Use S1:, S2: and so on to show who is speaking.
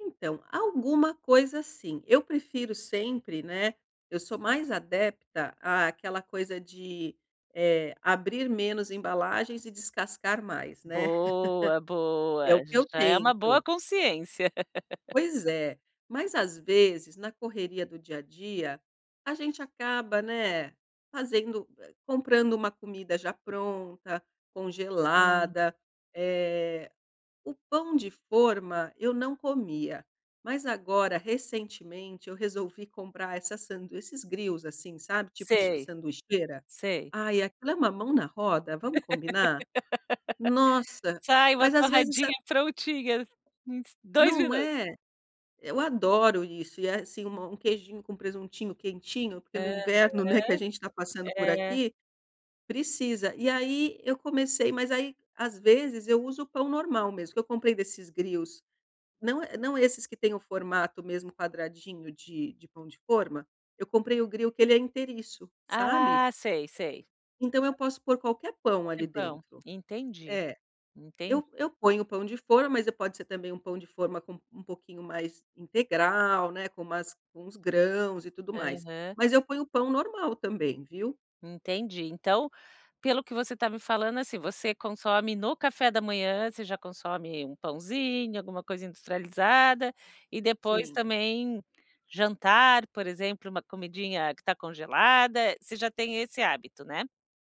S1: Então, alguma coisa sim, eu prefiro sempre, né. Eu sou mais adepta àquela coisa de, eh, abrir menos embalagens e descascar mais, né?
S2: Boa,
S1: É o
S2: boa,
S1: que eu
S2: já é uma boa
S1: tento.
S2: consciência.
S1: Pois é, mas às vezes, na correria do dia a dia, a gente acaba, né, fazendo eh, comprando uma comida já pronta,
S2: Sim.
S1: congelada. Eh, o pão de forma eu não comia, mas agora, recentemente, eu resolvi comprar essa sandui esses grills, assim, sabe? Tipo
S2: Sei.
S1: sanduicheira.
S2: Sei.
S1: Aí aquilo é uma mão na roda, vamos combinar? Nossa,
S2: Sai uma
S1: mas às vezes a
S2: torradinha prontinhas, uns 2
S1: Não
S2: minutos.
S1: é? Eu adoro isso e é, assim, uma um queijinho com presuntinho quentinho, porque no
S2: Aham,
S1: inverno, né, que a gente tá passando por
S2: é.
S1: aqui, precisa. E aí eu comecei, mas aí, às vezes, eu uso o pão normal mesmo, que eu comprei desses grills não, não é esses que têm o formato mesmo quadradinho de de pão de forma. Eu comprei o grill que ele é inteiriço, sabe?
S2: Ah, sei, sei.
S1: Então eu posso pôr qualquer pão
S2: Qualquer
S1: ali
S2: pão.
S1: dentro.
S2: Entendi,
S1: É,
S2: entendi.
S1: eu eu ponho o pão de forma, mas pode ser também um pão de forma com um pouquinho mais integral, né, com umas com uns grãos e tudo mais.
S2: Aham.
S1: Mas eu ponho o pão normal também, viu?
S2: Entendi. Então, pelo que você tá me falando, assim, você consome, no café da manhã, você já consome um pãozinho, alguma coisa industrializada e depois
S1: Sim.
S2: também jantar, por exemplo, uma comidinha que tá congelada. Você já tem esse hábito, né?